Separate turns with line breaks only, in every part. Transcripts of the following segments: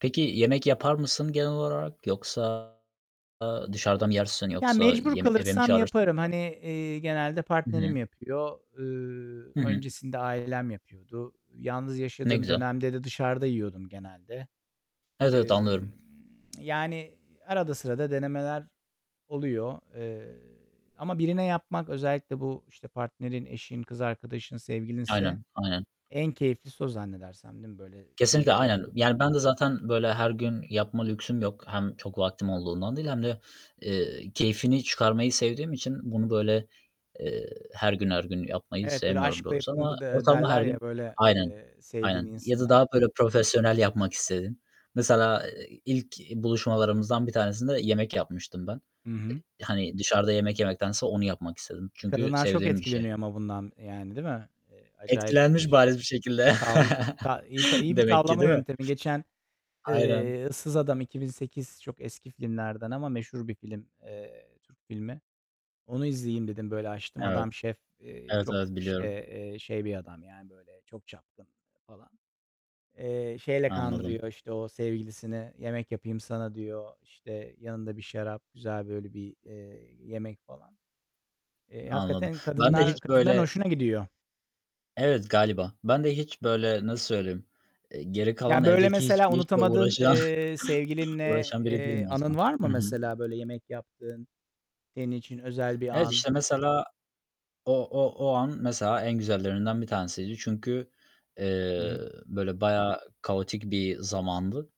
Peki, yemek yapar mısın genel olarak? Yoksa a dışarıda mı yersin
Ya,
yoksa
mecbur
yeme eve mi
kalırsam
çağırırsın?
yaparım. Hani, eee, genelde
Hı
partnerim
hı.
yapıyor. Iıı,
Hı hı.
öncesinde ailem yapıyordu. Yalnız
Ne
yaşadığım
güzel.
dönemde de dışarıda yiyordum genelde.
Evet, evet,
Emm,
anlıyorum.
yani, arada sırada denemeler oluyor. Eee, ama birine yapmak, özellikle bu, işte, partnerin, eşin, kız arkadaşın, sevgilinse
Aynen, aynen.
en keyiflisi o zannedersem, değil mi? Böyle
Kesinlikle,
keyifle
aynen. Yani, ben de zaten, böyle, her gün yapma lüksüm yok. Hem çok vaktim olduğundan değil hem de, eee, keyfini çıkarmayı sevdiğim için bunu böyle eee, her gün, her gün yapmayı
Evet, böyle
sevmiyorum
aşkla
doğrusu.
yapılır
Ama
de
ortalama her
derler ya,
gün
böyle,
Aynen,
eee, sevdiğin
aynen. Ya da
insana.
daha böyle profesyonel yapmak istedin. Mesela, eee, ilk buluşmalarımızdan bir tanesinde yemek yapmıştım ben. Eee,
Hı hı.
hani, dışarıda yemek yemektense onu yapmak istedim.
I
Çünkü
kadınlar çok
sevdiğim bir şey.
etkileniyor ama bundan, eee, yani, değil mi? Eee, acayip
Etkilenmiş
şe
bariz bir şekilde
tavla ta iyi iyi bir
demek ki,
tavlama
değil mi?
yöntemi. Geçen,
Aynen.
eee, Issız Adam, 2008 çok eski filmlerden ama meşhur bir film, eee, Türk filmi. Onu izleyeyim dedim. Böyle açtım.
Evet.
Adam şef, eee,
Evet,
çok,
evet,
işte,
biliyorum.
eee, şey bir adam. Yani, böyle çok çapkın falan. Eee, şeyle
Anladım.
kandırıyor, işte, o sevgilisini: "Yemek yapayım sana." diyor. İşte, yanında bir şarap, güzel böyle bir, eee, yemek falan. Eee,
Anladım.
hakikaten
Ben de hiç
kadınlar kadınların
böyle
hoşuna gidiyor.
Evet, galiba. Ben de hiç böyle, nasıl söyleyeyim? Eee, geri kalan
Ya, böyle
evdeki
mesela
hiçbir işle
unutamadığın,
uğraşan
eee, sevgilinle,
uğraşan biri değilim
eee, anın
aslında.
var mı
Hı hı.
mesela? Böyle yemek yaptığın, senin için özel bir
Evet,
an.
işte, mesela o o o an, mesela, en güzellerinden bir tanesiydi. Çünkü,
Hı
eee,
hı.
böyle bayağı kaotik bir zamandı.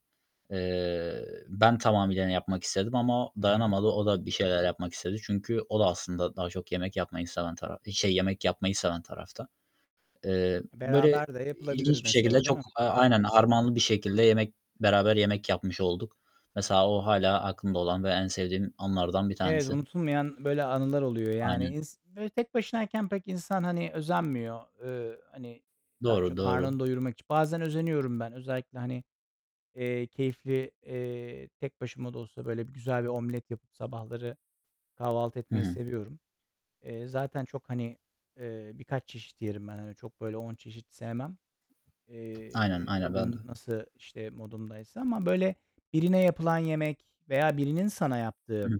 Eee, ben tamamıyla, hani, yapmak istedim ama
Hı hı.
dayanamadı o da bir şeyler yapmak istedi. Çünkü o da aslında daha çok yemek yapmayı seven taraf şey, yemek yapmayı seven tarafta. Eee,
E,
böyle
beraber de yapılabilir
ilginç bir şekilde
mesela değil
çok
mi?
A aynen, harmanlı bir şekilde yemek beraber yemek yapmış olduk. Mesela, o hâlâ aklımda olan ve en sevdiğim anlardan bir
Evet,
tanesi.
unutulmayan böyle anılar oluyor. Yani,
Aynen.
ins böyle tek başınayken pek insan, hani, özenmiyor. Eee, hani, daha
Doğru,
çok
doğru.
karnını doyurmak için bazen özeniyorum ben özellikle, hani, eee, keyifli, eee, tek başıma da olsa böyle bir güzel bir omlet yapıp sabahları kahvaltı
Hı
etmeyi
hı.
seviyorum. Eee, zaten çok, hani, eee, birkaç çeşit yerim ben. Hani, çok böyle 10 çeşit sevmem.
Aynen,
Eee, o
aynen ben
gün
de.
nasıl, işte, modumdaysa ama böyle birine yapılan yemek veya birinin sana yaptığı
Hıh.